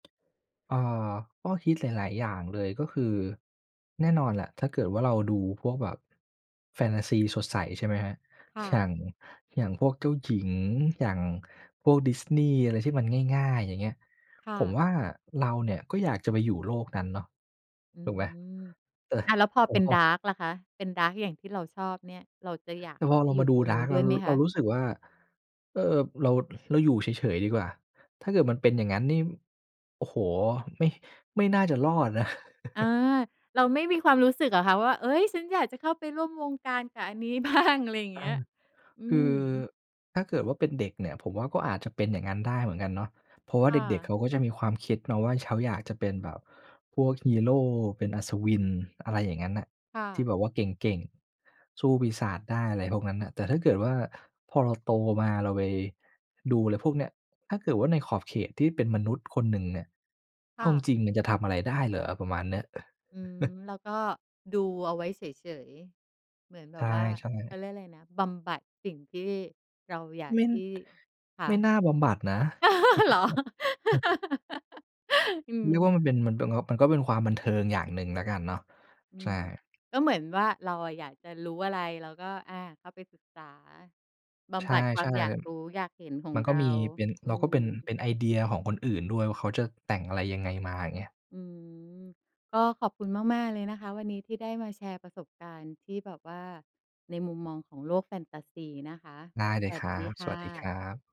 เออ ก็คิดหลาย ๆ อย่างเลย ก็คือ แน่นอนแหละ ถ้าเกิดว่าเราดูพวกแบบแฟนทาซีสดใสใช่ไหมครับ ค่อย่าะ ง อย่างพวกเจ้าหญิง อย่างพวก Disney อะไรที่มันง่าย ๆ อย่างเงี้ย ค่ผมะ ว่าเราเนี่ยก็อยากจะไปอยู่โลกนั้นเนาะ อืถูกไหม? ม เออ อะ แล้วพอโอ เป็น อ๋ดารอ ์ก ล่ะคะ เป็น ดาร์ก อย่างที่เราชอบเนี่ย เราจะอยากแตเ่ข้พาอไปเราอยมู่าดตู รงนดู้าร์นก ดเ้รวา ยไหมคเราะ? รู้สึกว่า เออ เรา เราอยู่เฉย ๆ ดีกว่า ถ้าเกิดมันเป็นอย่างงั้นนี่ โอ้โฮ! ไม่ ไม่น่าจะรอดนะ อา เราไม่มีความรู้สึกเหรอคะว่า เอ๊ย ฉันอยากจะเข้าไปร่วมวงการกับอันนี้ บ้าง อะไรอย่างอเงา ี้ย? อืคือ ม ถ้าเกิดว่าเป็นเด็กเนี่ย ผมว่าก็อาจจะเป็นอย่างนั้นได้เหมือนกันเนาะ เพราะว่าคเ่ด็ก ะ ๆ เขาก็จะมีความคิดเนาะว่า เขาอยากจะเป็นแบบพวกฮีโร เป็นอัศวิน อะไรอย่างนั้นน่ะ ค่ทีะ ่แบบว่าเก่ง ๆ สู้ปีศาจได้ อะไรพวกนั้นน่ะ แต่ถ้าเกิดว่า พอเราโตมาเราไปดูอะไรพวกเนี้ย ถ้าเกิดว่าในขอบเขตที่เป็นมนุษย์คนหนึ่งเนี่ย เคอ่าจะ ริง ๆ มันจะทำอะไรได้เหรอ ประมาณเนี้ย อืม แล้วก็ดูเอาไว้เฉย ๆ เหมือนแบใชบ่ ว่าเขๆ าเรียกอะไรนะ บำบัดสิ่งที่เราอยากไม่ ที่ คะ ไม่น่าบำบัดนะ เหรอ อืเม รียกว่า มันเป็น มันเป็น ก็ มันก็เป็นความบันเทิงอย่างหนึ่งแล้วกันเนาะ อืใช่ ม ก็เหมือนว่า เราอะอยากจะรู้อะไร เราก็ อา เข้าไปศึกษาบใชำบัดความ่ อยากรู้ อยากเห็นขอๆ มงันกเร็า มี เป็น อืเราก็เม ป็น เป็นไอเดียของคนอื่นด้วยว่า เขาจะแต่งอะไร ยังไงมาเงี้ย อืม ก็ขอบคุณมาก ๆ เลยนะคะ วันนี้ที่ได้มาแชร์ประสบการณ์ที่แบบว่าในมุมมองของโลกแฟนทาซีนะคะ ได้เลสยวัคสรัดีบ คส่วัสดีคระ ับ